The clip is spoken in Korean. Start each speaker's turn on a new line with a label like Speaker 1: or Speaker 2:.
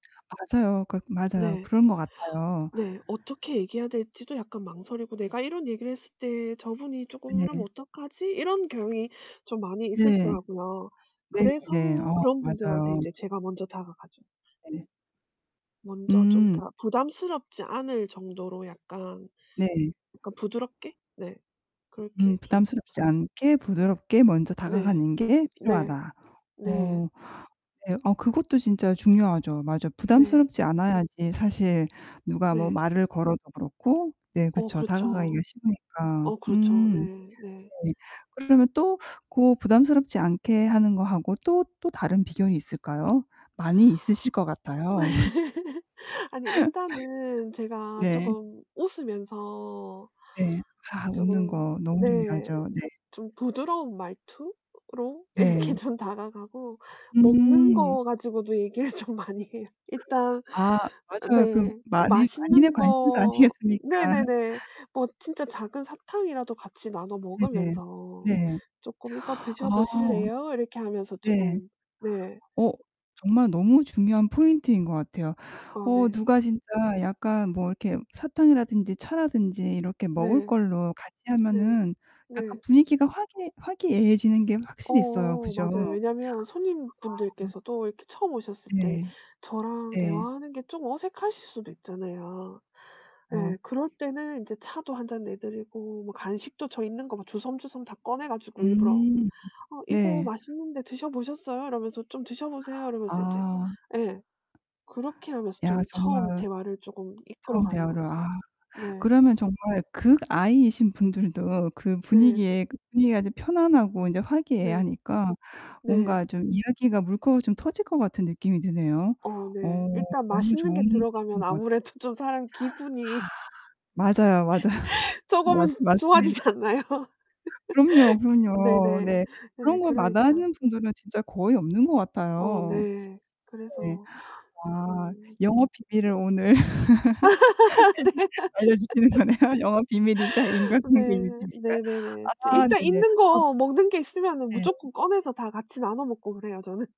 Speaker 1: 맞아요. 그 맞아요.
Speaker 2: 네.
Speaker 1: 그런 것 같아요.
Speaker 2: 네. 어떻게 얘기해야 될지도 약간 망설이고 '내가 이런 얘기를 했을 때 저분이 쪼금 이러면
Speaker 1: 네.
Speaker 2: 어떡하지?' 이런 경향이 좀 많이
Speaker 1: 네.
Speaker 2: 있으시더라고요.
Speaker 1: 네네네.
Speaker 2: 그래서
Speaker 1: 어
Speaker 2: 그런 분들한테
Speaker 1: 맞아요.
Speaker 2: 인제 제가 먼저 다가가죠. 네.
Speaker 1: 네.
Speaker 2: 먼저 좀
Speaker 1: 음.
Speaker 2: 그러니까 부담스럽지 않을 정도로 약간,
Speaker 1: 네.
Speaker 2: 약간 부드럽게? 네.
Speaker 1: 음
Speaker 2: 그렇게 좀
Speaker 1: "부담스럽지 않게 부드럽게 먼저
Speaker 2: 네.
Speaker 1: 다가가는 게
Speaker 2: 네.
Speaker 1: 필요하다."
Speaker 2: 네.
Speaker 1: 어 네. 그것도 진짜 중요하죠. 맞아.
Speaker 2: 네.
Speaker 1: 부담스럽지 않아야지 사실 누가 뭐
Speaker 2: 네.
Speaker 1: 말을 걸어도 그렇고 네
Speaker 2: 어
Speaker 1: 그쵸 다가가기가
Speaker 2: 그렇죠.
Speaker 1: 쉬우니까.
Speaker 2: 어 그렇죠. 네
Speaker 1: 음
Speaker 2: 네.
Speaker 1: 네. 그러면 또 고 부담스럽지 않게 하는 거 하고 또, 또 다른 비결이 있을까요? 많이 있으실 것 같아요.
Speaker 2: 아니 일단은 제가
Speaker 1: 네.
Speaker 2: 쪼금 웃으면서
Speaker 1: 네. 아 웃는
Speaker 2: 쪼금
Speaker 1: 거 너무
Speaker 2: 네.
Speaker 1: 중요하죠. 네.
Speaker 2: 좀 부드러운 말투로 이렇게
Speaker 1: 네.
Speaker 2: 좀 다가가고 먹는
Speaker 1: 음.
Speaker 2: 거 가지고도 얘기를 좀 많이 해요. 일단
Speaker 1: 아
Speaker 2: 어
Speaker 1: 맞아요. 그
Speaker 2: 네.
Speaker 1: 만인 만인의
Speaker 2: 맛있는
Speaker 1: 관심사
Speaker 2: 거
Speaker 1: 아니겠습니까?
Speaker 2: 네네네. 뭐 진짜 작은 사탕이라도 같이 나눠
Speaker 1: 네네.
Speaker 2: 먹으면서
Speaker 1: 네.
Speaker 2: 쪼끔 "이거 드셔
Speaker 1: 아.
Speaker 2: 보실래요?" 이렇게 하면서
Speaker 1: 네.
Speaker 2: 쪼끔 네.
Speaker 1: 어, 정말 너무 중요한 포인트인 것 같아요.
Speaker 2: 아
Speaker 1: 어
Speaker 2: 네.
Speaker 1: 누가 진짜 약간 뭐 이렇게 사탕이라든지 차라든지 이렇게 먹을
Speaker 2: 네.
Speaker 1: 걸로 같이
Speaker 2: 네.
Speaker 1: 하면은 약간
Speaker 2: 네.
Speaker 1: 분위기가 화기애 화기애애지는 게 확실히 있어요.
Speaker 2: 어
Speaker 1: 그죠?
Speaker 2: 맞아요.
Speaker 1: 아.
Speaker 2: 왜냐면
Speaker 1: 음.
Speaker 2: 손님분들께서도 이렇게 처음 오셨을 때
Speaker 1: 네.
Speaker 2: 저랑
Speaker 1: 예.
Speaker 2: 대화하는 게 좀 어색하실 수도 있잖아요.
Speaker 1: 어.
Speaker 2: 예. 그럴 때는 인제 차도 1 잔 내드리고 뭐 간식도 저 있는 거 막 주섬주섬 다 꺼내 가지고 일부러
Speaker 1: 음.
Speaker 2: "어 이거
Speaker 1: 네.
Speaker 2: 맛있는데 드셔 보셨어요?" 이러면서 "좀 드셔 보세요." 이러면서 인제
Speaker 1: 아.
Speaker 2: 예. 그렇게 하면서
Speaker 1: 야
Speaker 2: 좀 처음
Speaker 1: 정말
Speaker 2: 제 말을 쪼금 이끌어
Speaker 1: 처음
Speaker 2: 가는
Speaker 1: 대화를
Speaker 2: 것 같아요.
Speaker 1: 아.
Speaker 2: 네.
Speaker 1: 그러면 정말 극I신 분들도 그
Speaker 2: 네.
Speaker 1: 분위기에 그 분위기가 이제 편안하고 인제
Speaker 2: 네.
Speaker 1: 화기애애하니까
Speaker 2: 네.
Speaker 1: 뭔가 좀 이야기가 물꼬 좀 터질 것 같은 느낌이 드네요.
Speaker 2: 어
Speaker 1: 어
Speaker 2: 네 일단
Speaker 1: 너무
Speaker 2: 맛있는
Speaker 1: 좋은
Speaker 2: 게 들어가면
Speaker 1: 팁인 것 같아
Speaker 2: 아무래도 좀 사람 기분이
Speaker 1: 맞아요, 맞아. 맞
Speaker 2: 쪼금은
Speaker 1: 맞습니다.
Speaker 2: 좋아지지 않나요?
Speaker 1: 그럼요, 그럼요.
Speaker 2: 네네.
Speaker 1: 네.
Speaker 2: 네.
Speaker 1: 그런 거
Speaker 2: 그러니까.
Speaker 1: 마다하는 분들은 진짜 거의 없는 것
Speaker 2: 어
Speaker 1: 같아요.
Speaker 2: 네.
Speaker 1: 네.
Speaker 2: 그래서
Speaker 1: 와.
Speaker 2: 음.
Speaker 1: 영업 비밀을 오늘
Speaker 2: 네.
Speaker 1: [unintelligible] 알려주시는 거네요. 영어 비밀이자 인간관계 유지
Speaker 2: 네.
Speaker 1: 비결.
Speaker 2: 네네네. 저
Speaker 1: 아.
Speaker 2: 일단
Speaker 1: 네네.
Speaker 2: 있는
Speaker 1: 아
Speaker 2: 거 먹는 게 있으면은
Speaker 1: 네.
Speaker 2: 무조건 꺼내서 다 같이 나눠 먹고 그래요 저는.